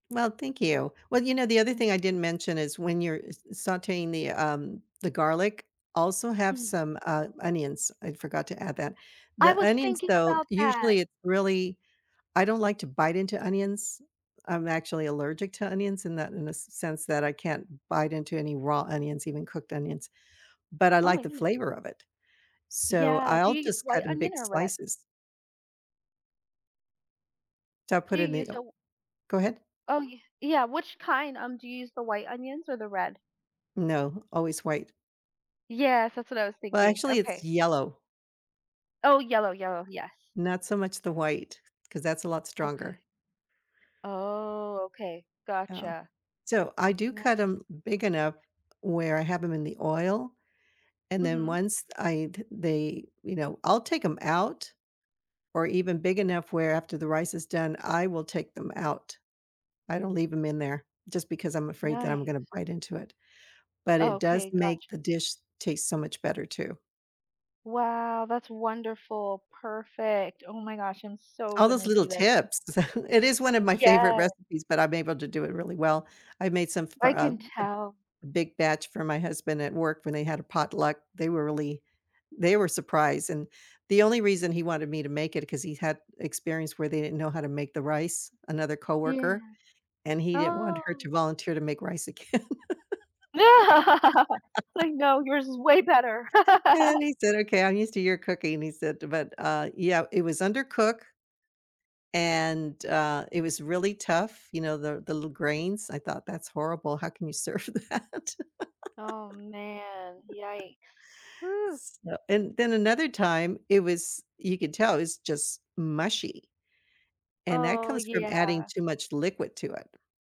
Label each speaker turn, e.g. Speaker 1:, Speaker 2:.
Speaker 1: Well, thank you. Well, you know, the other thing I
Speaker 2: Mhm.
Speaker 1: didn't mention is when you're s sauteing the, um, the garlic, also have
Speaker 2: Mhm.
Speaker 1: some, uh, onions. I forgot to add that.
Speaker 2: I
Speaker 1: The
Speaker 2: was
Speaker 1: onions
Speaker 2: thinking
Speaker 1: though,
Speaker 2: about that.
Speaker 1: usually it's really, I don't like to bite into onions. I'm actually allergic to onions in that in the sense that I can't bite into any raw onions, even cooked onions, but I
Speaker 2: Oh
Speaker 1: like
Speaker 2: my
Speaker 1: the
Speaker 2: goodness.
Speaker 1: flavor of it, so
Speaker 2: Yeah, do
Speaker 1: I'll
Speaker 2: you use
Speaker 1: just
Speaker 2: white
Speaker 1: cut in big
Speaker 2: onion or red?
Speaker 1: slices. So I'll
Speaker 2: Do
Speaker 1: put
Speaker 2: you
Speaker 1: in the
Speaker 2: use
Speaker 1: oh.
Speaker 2: a
Speaker 1: Go ahead.
Speaker 2: Oh yeah, yeah, which kind? Um, do you use, the white onions or the red?
Speaker 1: No, always white.
Speaker 2: Yes, that's what I was
Speaker 1: Well,
Speaker 2: thinking.
Speaker 1: actually, it's
Speaker 2: Okay.
Speaker 1: yellow.
Speaker 2: Oh, yellow, yellow, yes.
Speaker 1: Not so much the white, 'cause that's a lot stronger.
Speaker 2: Okay. Oh, okay.
Speaker 1: Oh,
Speaker 2: Gotcha.
Speaker 1: so, I do cut
Speaker 2: Ni
Speaker 1: 'em big enough where I have them in the oil, and then
Speaker 2: Mhm.
Speaker 1: once I'd they, you know, I'll take 'em out, or even big enough where after the rice is done, I will take them out. I don't leave 'em in there, just because I'm afraid that I'm gonna
Speaker 2: Nice.
Speaker 1: bite into it, but it does
Speaker 2: Okay,
Speaker 1: make
Speaker 2: gotcha.
Speaker 1: the dish taste so much better too.
Speaker 2: Wow, that's wonderful. Perfect. Oh my gosh, I'm so
Speaker 1: All those
Speaker 2: gonna
Speaker 1: little
Speaker 2: do that. Thank you.
Speaker 1: tips. It is one of my favorite
Speaker 2: Yeah.
Speaker 1: recipes, but I'm able to do it really well. I've made some for
Speaker 2: I
Speaker 1: a
Speaker 2: can tell.
Speaker 1: a big batch for my husband at work when they had a potluck. They were really they were surprised, and the only reason he wanted me to make it 'cause he had experience where they didn't know how to make the rice, another
Speaker 2: Yes.
Speaker 1: coworker, and he didn't want her
Speaker 2: Oh.
Speaker 1: to volunteer to make rice again.
Speaker 2: Like no, yours is way better.
Speaker 1: And he said, "Okay, I'm used to your cooking," he said, but, uh, yeah, it was undercook and, uh, it was really tough, you know, the l the little grains. I thought that's horrible, how can you serve that?
Speaker 2: Oh man. Yikes. Woo.
Speaker 1: So and then another time it was you could tell it's just mushy, and that
Speaker 2: Oh,
Speaker 1: comes from adding
Speaker 2: yeah.
Speaker 1: too much liquid to it.